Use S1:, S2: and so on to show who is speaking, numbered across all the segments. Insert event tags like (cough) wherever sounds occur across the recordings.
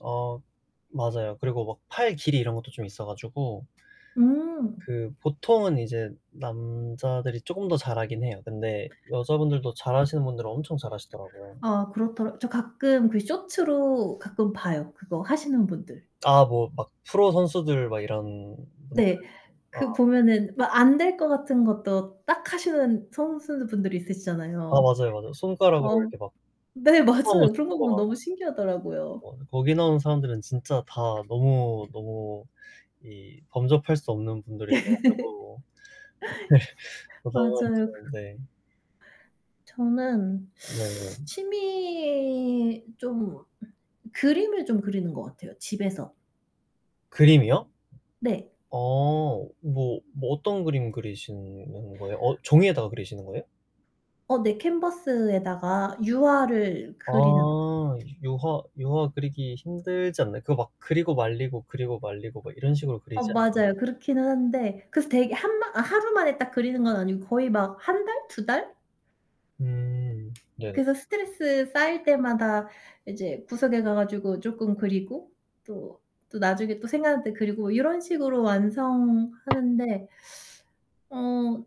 S1: 어 맞아요. 그리고 막 팔 길이 이런 것도 좀 있어가지고
S2: 음.
S1: 그 보통은 이제 남자들이 쪼금 더 잘하긴 해요. 근데 여자분들도 잘하시는 분들은 엄청 잘하시더라고요.
S2: 아 그렇더라 저 가끔 그 쇼츠로 가끔 봐요. 그거 하시는 분들.
S1: 아 뭐 막 프로 선수들 막 이런
S2: 네,
S1: 아.
S2: 그 보면은 막 안 될 것 같은 것도 딱하시는 선수분들이
S1: 아
S2: 있으시잖아요.
S1: 맞아요, 맞아. 손가락으로
S2: 어
S1: 이렇게 막
S2: 네, 맞아요. 그런 거 보면 너무
S1: (unintelligible)
S2: 신기하더라고요.
S1: 어 거기 나오는 사람들은 진짜 다 너무 너무 이 범접할 수 없는 분들이셔가지고 네.
S2: (laughs) 맞아요.
S1: (unintelligible) 네.
S2: 저는
S1: 네.
S2: 취미 좀 그림을 좀 그리는 거 같아요, 집에서.
S1: 그림이요?
S2: 네.
S1: 어 뭐 뭐 어떤 그림 그리시는 거예요? 어 종이에다 그리시는 거예요?
S2: 어 내 캔버스에다가 유화를 그리는
S1: 아 유화 유화 그리기 힘들지 않나요? 그거 막 그리고 말리고 그리고 말리고 막 이런 식으로
S2: 어,
S1: 그리지 않
S2: 맞아요. 그렇기는 한데 그래서 되게 한방 아 하루만에 딱 그리는 건 아니고 거의 막 1 달, 2 달?
S1: 음 네.
S2: 그래서 스트레스 쌓일 때마다 이제 구석에 가가주고 쪼끔 그리고 또 또 나중에 또 생각날 때 그리고 이런 식으로 완성하는데 어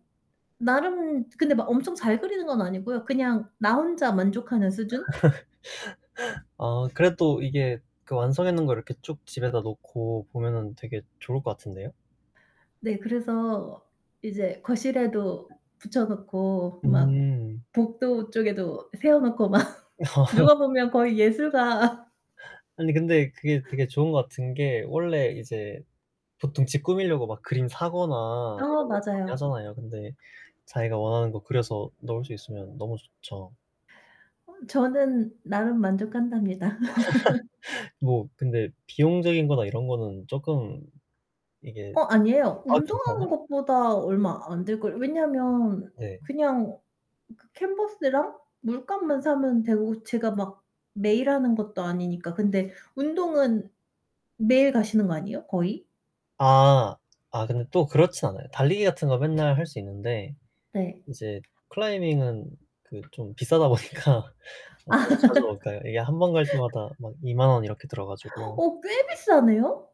S2: 나름 근데 막 엄청 잘 그리는 건 아니고요. 그냥 나 혼자 만족하는 수준.
S1: (laughs) 아 그래도 이게 그 완성해 놓은 걸 이렇게 쭉 집에다 놓고 보면은 되게 좋을 것 같은데요.
S2: 네, 그래서 이제 거실에도 붙여 놓고 막
S1: 음.
S2: 복도 쪽에도 세워 놓고 막 누가
S1: (laughs)
S2: 보면 거의 예술가.
S1: 아니 근데 그게 되게 좋은 것 같은 게 원래 이제 보통 집 꾸미려고 막 그림 사거나
S2: 아
S1: 이런 거 많이
S2: 맞아요.
S1: 하잖아요. 근데 자기가 원하는 거 그려서 넣을 수 있으면 너무 좋죠.
S2: 저는 나름 만족한답니다. (laughs)
S1: (laughs) 뭐 근데 비용적인 거나 이런 거는 쪼끔 이게
S2: 어 아니에요.
S1: 아 괜찮아요?
S2: 운동하는 것보다 얼마 안 들걸 왜냐면
S1: 네.
S2: 그냥 그 캔버스랑 물감만 사면 되고 제가 막 매일 하는 것도 아니니까. 근데 운동은 매일 가시는 거 아니에요, 거의?
S1: 아. 아 근데 또 그렇진 않아요. 달리기 같은 거 맨날 할 수 있는데
S2: 네.
S1: 이제 클라이밍은 그 좀 비싸다 보니까 저도 자주는 못 가요. 이게 한 번 갈 때마다
S2: (laughs)
S1: 막 20,000 원 이렇게
S2: (gasps)
S1: 들어가지고.
S2: 어 꽤 비싸네요?